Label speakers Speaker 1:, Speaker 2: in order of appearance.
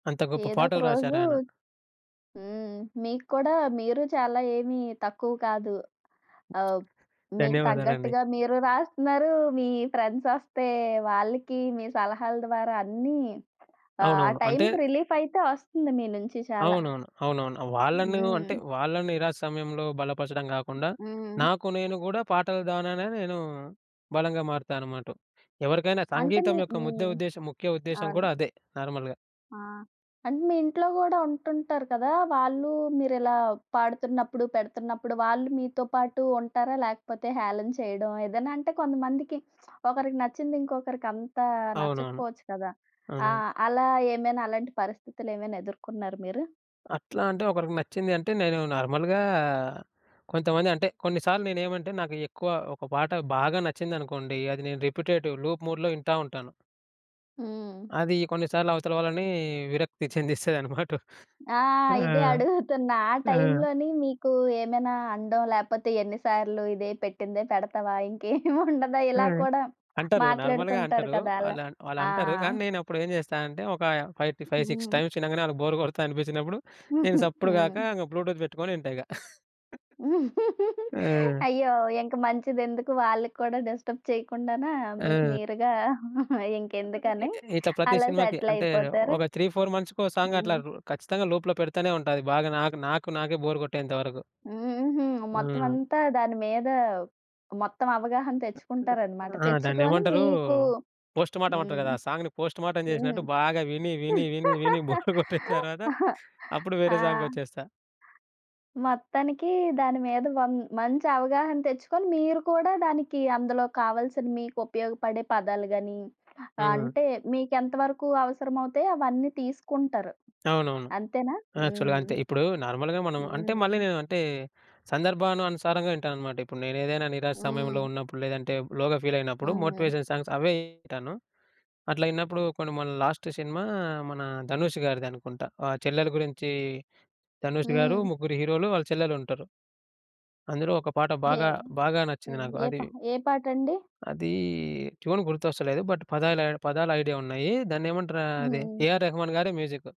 Speaker 1: అంత గొప్ప
Speaker 2: ఏదో ఒక
Speaker 1: పాటలు
Speaker 2: రోజు
Speaker 1: రాశారాయన.
Speaker 2: హ్మ్. మీకు కూడా మీరు చాలా ఏమి తక్కువ కాదు. ఆహ్, మీకు
Speaker 1: ధన్యవాదాలండి.
Speaker 2: తగ్గట్టుగా మీరు రాస్తున్నారు, మీ ఫ్రెండ్స్ వొస్తే వాళ్ళకి మీ సలహాల ద్వారా అన్నీ ఆహ్, ఆ
Speaker 1: అవునవును. అంటే
Speaker 2: టైంకి రిలీఫ్ అయితే ఒస్తుంది మీ నుంచి చాలా.
Speaker 1: అవునవును. అవునవును. వాళ్ళను
Speaker 2: హ్మ్.
Speaker 1: అంటే వాళ్ళను నిరాశ సమయంలో బలపరచడం గాకుండా.
Speaker 2: హ్మ్.
Speaker 1: నాకు నేను గూడా పాటలు ద్వారానే నేను బలంగా మారుతాననమాటు. ఎవరికైనా
Speaker 2: అంటే
Speaker 1: సంగీతం
Speaker 2: మీ
Speaker 1: యొక్క
Speaker 2: మీ
Speaker 1: ముద్ద ఉద్దేశ్యం ముఖ్య ఉద్దేశ్యం
Speaker 2: అవును.
Speaker 1: గూడా అదే నార్మల్‌గా.
Speaker 2: ఆ! అంటే మీ ఇంట్లో గూడా ఉంటుంటారు కదా! వాళ్ళు మీరిలా పాడుతున్నప్పుడు, పెడుతున్నప్పుడు వాళ్ళు మీతో పాటు ఉంటారా లేకపోతే హేళన చేయడం. ఏదైనా అంటే కొంతమందికి ఒకరికి నచ్చింది ఇంకొకరికి అంతా
Speaker 1: అవునవును.
Speaker 2: నచ్చకపోవచ్చు కదా!
Speaker 1: అవును.
Speaker 2: ఆహ్, అలా ఏమైనా అలాంటి పరిస్థితులు ఏమైనా ఎదుర్కొన్నార మీరు?
Speaker 1: అట్లా అంటే ఒకరికి నచ్చింది అంటే నేను నార్మల్‌గా కొంతమంది అంటే కొన్ని సార్లు నేనెంమంటే నాకు ఎక్కువ ఒక పాట బాగా నచ్చిందనుకోండి. అది నేను రిపిటేటివ్ లూప్ మూడ్‌లో ఇంటా ఉంటాను.
Speaker 2: హ్మ్.
Speaker 1: అది కొన్నిసార్లు అవతల వాళ్ళని విరక్తి చెందిస్తయన్నమాటు.
Speaker 2: ఆ!
Speaker 1: ఆ!
Speaker 2: ఇదే అడుగుతున్నా ఆ
Speaker 1: ఆ!
Speaker 2: టైంలోని మీకు ఏమైనా అనడం, లేపోతే ఎన్ని సార్లు ఇదే పెట్టిందే పెడతావా ఇంకేం ఉండదా?
Speaker 1: ఆ!
Speaker 2: ఇలా కూడా
Speaker 1: అంటారు నార్మల్‌గా
Speaker 2: మాట్లాడుతుంటారు
Speaker 1: అంటారు.
Speaker 2: కదా అలా.
Speaker 1: వాళ్ళం
Speaker 2: ఆ!
Speaker 1: వాళ్ళంటారు కానీ నేనప్పుడు ఏం జేస్తా అంటే, ఒకా 5 ఫి ఫైవ్ 6
Speaker 2: హ్మ్.
Speaker 1: టైమ్స్ ఇనంగనే వాళ్ళకి బోర్ కొడతా అనిపించినప్పుడు. నేను సప్పుడు గాక
Speaker 2: హ్మ్.
Speaker 1: ఇంగ బ్లూటూత్ బెట్టుకొని ఇంటా ఇగ. ఆ!
Speaker 2: అయ్యో! ఇంక మంచిదెందుకు వాళ్ళకి కూడా డిస్టర్బ్ చేయకుండానా. మీకు
Speaker 1: ఆ!
Speaker 2: మీరుగా
Speaker 1: అ అ ఎ
Speaker 2: ఇంకెందుకని
Speaker 1: ఇట్లా ప్రతి
Speaker 2: అలా
Speaker 1: సినిమాకి
Speaker 2: సెటిల్
Speaker 1: అంటే
Speaker 2: అయిపోతార.
Speaker 1: ఒక 3, 4 మంత్స్‌కి ఓ సాంగ్ అట్లా
Speaker 2: హ్మ్.
Speaker 1: రు ఖచ్చితంగా లోప్‌లో పెడతానే ఉంట అది. బాగా నాకు నాకు నాకే బోర్ గొట్టేంతవరకు.
Speaker 2: హుహు. మొత్తం
Speaker 1: హ్మ్.
Speaker 2: అంతా దాని మీద మొత్తం అవగాహన తెచ్చుకుంటారన్నమాట.
Speaker 1: ఆ!
Speaker 2: తెచ్చుకొని
Speaker 1: దాన్నేమంటారు
Speaker 2: మీకు
Speaker 1: పోస్ట్ మర్టం అంటారు
Speaker 2: హ్మ్.
Speaker 1: గదా! ఆ సాంగ్‌ని పోస్ట్ మర్టం
Speaker 2: హ్మ్.
Speaker 1: జేశినట్టు బాగా విని విని విని విని బోర్ గొట్టిన తర్వాత అప్పుడు
Speaker 2: ఆ!
Speaker 1: వేరే సాంగ్‌కొచ్చేస్తా.
Speaker 2: మొత్తానికి దాని మీద వన్ మంచి అవగాహన తెచ్చుకొని మీరు కూడా దానికి అందులో కావాల్సిన మీకు ఉపయోగపడే పదాలు గాని,
Speaker 1: హ్మ్.
Speaker 2: అంటే మీకెంత వరకు అవసరమవుతాయో అవన్నీ తీసుకుంటారు.
Speaker 1: అవునవును.
Speaker 2: అంతేనా?
Speaker 1: యాక్చువల్‌గా
Speaker 2: హ్మ్.
Speaker 1: అంతే. ఇప్పుడు నార్మల్‌గా మనం అంటే
Speaker 2: హ్మ్.
Speaker 1: మళ్ళీ నేను అంటే సందర్భాను అనుసారంగా ఇంటానన్మానమాట. ఇప్పుడు నేనెదైనా నిరాశ సమయంలో
Speaker 2: హ్మ్.
Speaker 1: ఉన్నప్పుడు లేదంటే లోగా ఫీల్ అయినప్పుడు
Speaker 2: హ్మ్.
Speaker 1: మోటివేషన్ సాంగ్స్ అవే ఇంటాను. అట్లా ఇన్నప్పుడు కొన్ని మన లాస్ట్ సినిమా మన ధనుష్ గారిది అనుకుంట. ఆ చెల్లెలు గురించి ధనుష్ గారు
Speaker 2: హ్మ్.
Speaker 1: ముగ్గురు హీరోలు వాళ్ళ చెల్లెలు ఉంటరు. అందులో ఒక పాట
Speaker 2: ఏ
Speaker 1: బాగా బాగా నచ్చింది
Speaker 2: హ్మ్.
Speaker 1: నాకు
Speaker 2: ఏ ప
Speaker 1: అది...
Speaker 2: ఏ పాటండి?
Speaker 1: అదీ ట్యూన్ గుర్తొస్తలేదు. బట్ పదాల పదాలు ఐడియా ఉన్నాయి. దాన్నేమంటారు? అది
Speaker 2: హ్మ్.
Speaker 1: ఏఆర్ రెహమాన్ గారి మ్యూజిక్.